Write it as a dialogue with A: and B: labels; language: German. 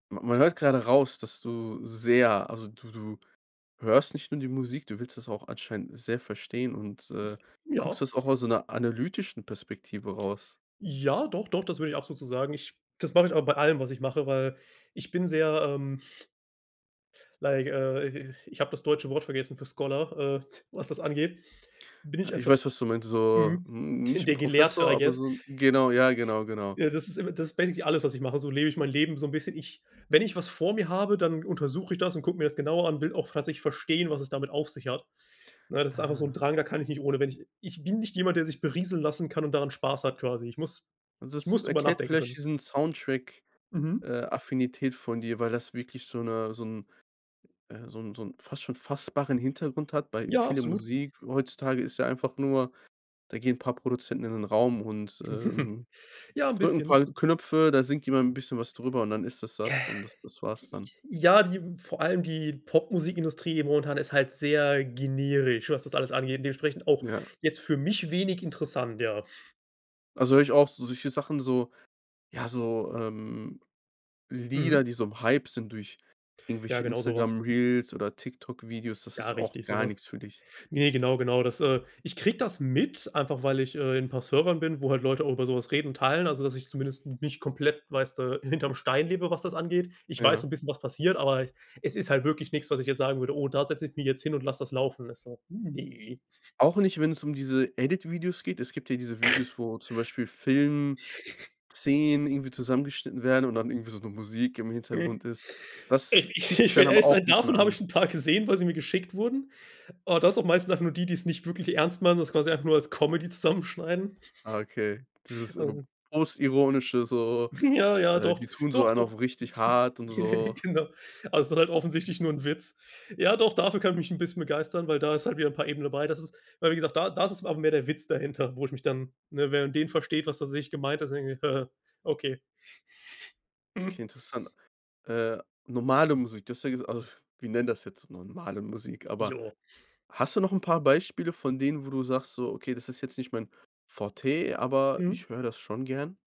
A: Ma man hört gerade raus, dass du sehr also, du du hörst nicht nur die Musik, du willst das auch anscheinend sehr verstehen und,
B: J
A: äh,
B: ja.
A: guckst das auch aus so 'ner analytischen Perspektive raus.
B: Ja, doch, doch, das würde ich absolut so sagen. Ich das mache ich aber bei allem, was ich mache, weil ich bin sehr, ähm like äh, ich ich ich habe das deutsche Wort vergessen für Scholar, äh, was das angeht, bin
A: Ah,
B: ich,
A: ich
B: einfach,
A: weiß, was du meinst, so
B: mhm,
A: n nicht 'n
B: der Gelehrte,
A: Professor,
B: I
A: aber
B: guess.
A: so 'n genau, ja, genau, genau.
B: Äh, das ist das imme das ist basically alles, was ich mache. So lebe ich mein Leben so 'n bisschen. Ich wenn ich was vor mir habe, dann untersuche ich das und gucke mir das genauer an, will auch tatsächlich verstehen, was es damit auf sich hat. Ne, das ist einfach so 'n
A: Ah.
B: Drang, da kann ich nicht ohne wenn ich ich bin nicht jemand, der sich berieseln lassen kann und daran Spaß hat quasi. Ich muss ich
A: Das
B: muss drüber
A: erklärt
B: nachdenken
A: vielleicht
B: können.
A: diesen Soundtrack
B: Mhm.
A: äh, Affinität von dir, weil das wirklich so 'ne so 'n äh, so 'n so 'n fast schon fassbaren Hintergrund hat, bei
B: Ja,
A: viele
B: absolut.
A: Musik heutzutage ist ja einfach nur: Da gehen paar Produzenten in 'nen Raum und, ähm,
B: Ja, 'n
A: drücken 'n
B: bisschen.
A: paar Knöpfe, da singt jemand 'n bisschen was drüber und dann ist das, das und das das war's
B: Die,
A: dann.
B: ich ja, die vor allem die Popmusikindustrie momentan ist halt sehr generisch, was das alles angeht. Dementsprechend auch
A: Ja.
B: jetzt für mich wenig interessant, ja.
A: Also, höre ich auch, so solche Sachen, so ja, so, ähm, Lieder,
B: Mhm.
A: die so im Hype sind durch
B: Ja,
A: irgendwelche
B: genau so was.
A: Instagram-Reels oder TikTok Videos, das
B: Ja,
A: ist auch
B: richtig so
A: gar
B: was.
A: nix für dich?
B: Ne genau genau das äh, ich kriege das mit, einfach weil ich, äh, in 'n paar Servern bin, wo halt Leute auch über so was reden und teilen, also, dass ich zumindest m nicht komplett, weißt du, hinterm Stein lebe, das angeht. Ich weiß so
A: Ja.
B: 'n bisschen was passiert, aber es ist halt wirklich nix, was ich jetzt sagen würde: „Oh, da setze ich mich jetzt hin und lasse das laufen.“ Ist so: „Hm, ne.“
A: Auch nicht, wenn es um diese Edit-Videos geht? Es gibt ja diese Videos, wo zum Beispiel Filmszenen irgendwie zusammengeschnitten werden und dann irgendwie so 'ne Musik im Hintergrund ist. Das
B: ich
A: zieht dich
B: ich will
A: dann aber
B: ehrlich
A: auch
B: sein,
A: nicht mehr
B: davon habe
A: an?
B: ich 'n paar gesehen, weil sie mir geschickt wurden. Ah, das sind meistens auch nur die, die's nicht wirklich ernst meinen, sondern quasi einfach nur als Comedy zusammenschneiden.
A: Ah, okay, dieses, ähm,
B: Ähm
A: Postironische so,
B: Ja, ja,
A: äh,
B: doch.
A: die tun so
B: Doch,
A: einen
B: doch.
A: auch richtig hart und so.
B: Genau. Also es ist halt
A: Okay.
B: offensichtlich nur 'n Witz. Ja doch, dafür könnte ich mich 'n bisschen begeistern, weil da ist halt wieder 'n paar Ebenen dabei. Das ist aber wie gesagt da da ist es aber mehr der Witz dahinter, wo ich mich dann, ne, wenn man den versteht, was tatsächlich gemeint ist, dann denke ich: „Okay“.
A: Okay, interessant. Äh, normale Musik, du hast ja gesag au f wir nennen das jetzt normale Musik, aber
B: Jo.
A: hast du noch 'n paar Beispiele von denen, wo du sagst: „Okay, das ist jetzt nicht mein Forté, aber
B: Mhm.
A: ich höre das schon gerne.“?